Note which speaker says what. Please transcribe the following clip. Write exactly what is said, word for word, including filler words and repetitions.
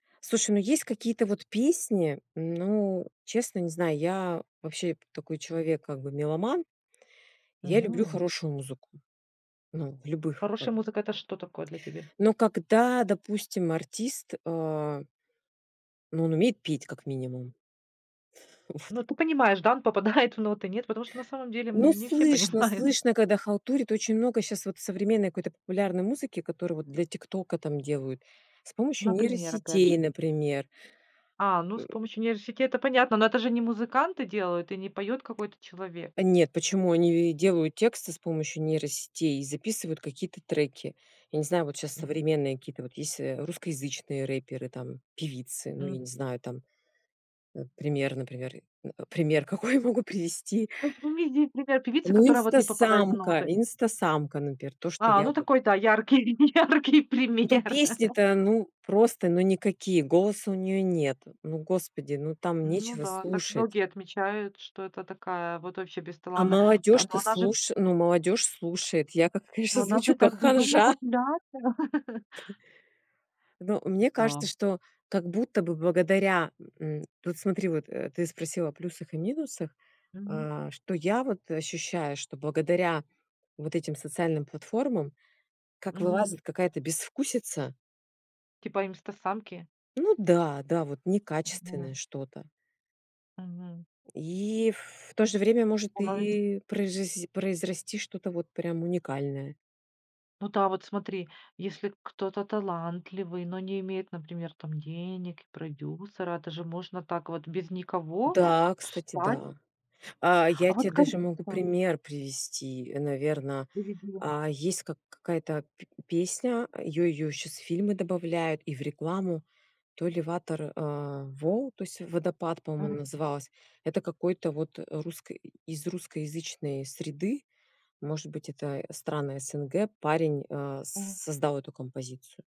Speaker 1: Слушай, ну есть какие-то вот песни, ну честно не знаю, я вообще п такой человек, как бы меломан. Я люблю
Speaker 2: Мгм.
Speaker 1: хорошую музыку. Ну, в любых как
Speaker 2: Хорошая
Speaker 1: бы
Speaker 2: музыка, это что такое для тебе?
Speaker 1: Но когда, допустим, артист а Ну он умеет петь как минимум. Вот.
Speaker 2: Ну, ты понимаешь, да, он попадает в ноты, нет? Потому что на самом деле
Speaker 1: Ну
Speaker 2: н не все
Speaker 1: слышно,
Speaker 2: понимают.
Speaker 1: слышно, когда халтурит, очень много щас вот современной какой-то популярной музыки, которую вот для "Тиктока" там делают. С помощью
Speaker 2: Например опять
Speaker 1: нейросетей,
Speaker 2: же.
Speaker 1: например.
Speaker 2: А, ну
Speaker 1: Э.
Speaker 2: с помощью нейросетей, это понятно. Но это же не музыканты делают и не поет какой-то человек.
Speaker 1: Нет, почему они, э, делают тексты с помощью нейросетей и записывают какие-то треки. Я не знаю, вот щас
Speaker 2: М.
Speaker 1: современные какие-то вот есть, э, русскоязычные рэперы, там певицы ну, я не
Speaker 2: М.
Speaker 1: знаю там. Э, пример, например, э пример какой я могу привести?
Speaker 2: Ну привези пример певицы,
Speaker 1: Ну
Speaker 2: которая вот не попадает в
Speaker 1: Инстасамка.
Speaker 2: ноты.
Speaker 1: Инстасамка, напер, то, что
Speaker 2: А,
Speaker 1: я
Speaker 2: ну
Speaker 1: вот
Speaker 2: такой, да, яркий, яркий
Speaker 1: Ну
Speaker 2: пример.
Speaker 1: песни-то, ну просто ну никакие, голоса у неё нет. Ну господи, ну там
Speaker 2: Ну
Speaker 1: нечего
Speaker 2: да, так
Speaker 1: слушать.
Speaker 2: многие отмечают, что это такая вот вообще
Speaker 1: А
Speaker 2: бесталанная. Т Но
Speaker 1: молодёжь-то
Speaker 2: она же
Speaker 1: слуш ну молодёжь слушает. Я, как
Speaker 2: Но
Speaker 1: конечно,
Speaker 2: она
Speaker 1: звучу
Speaker 2: же
Speaker 1: как
Speaker 2: так безумно
Speaker 1: ханжа.
Speaker 2: популярна.
Speaker 1: Т Ну, мне кажется,
Speaker 2: Эта
Speaker 1: что как будто бы благодаря, м вот смотри, вот, э, ты спросила о плюсах и минусах,
Speaker 2: Мгм.
Speaker 1: а, что я вот, э, ощущаю, что благодаря вот этим социальным платформам, как
Speaker 2: Мгм.
Speaker 1: вылазит какая-то безвкусица
Speaker 2: Типа Имстасамки.
Speaker 1: Ну да, да, вот
Speaker 2: Ого.
Speaker 1: некачественное что-то.
Speaker 2: Мгм.
Speaker 1: И в то же время может
Speaker 2: Бывает.
Speaker 1: и проижиси произрасти что-то вот прям уникальное.
Speaker 2: Ну да, вот смотри, если кто-то талантливый, но не имеет, например, там денег, и продюсера, это же можно так вот без никого
Speaker 1: Да, кстати,
Speaker 2: встать
Speaker 1: да. А,
Speaker 2: А
Speaker 1: я те
Speaker 2: вот как.
Speaker 1: даже могу
Speaker 2: [unintelligible]
Speaker 1: пример привести, наверно,
Speaker 2: Зарядила.
Speaker 1: а, есть как какая-то п песня, её её щас в фильмы добавляют и в рекламу, то ли Ватер э вол, то есть "Водопад" по-моему она
Speaker 2: Мгм.
Speaker 1: называлась. Это какой-то вот, э, русской из русскоязычной среды, может быть это страны СНГ, парень, э,
Speaker 2: О.
Speaker 1: с создал эту композицию.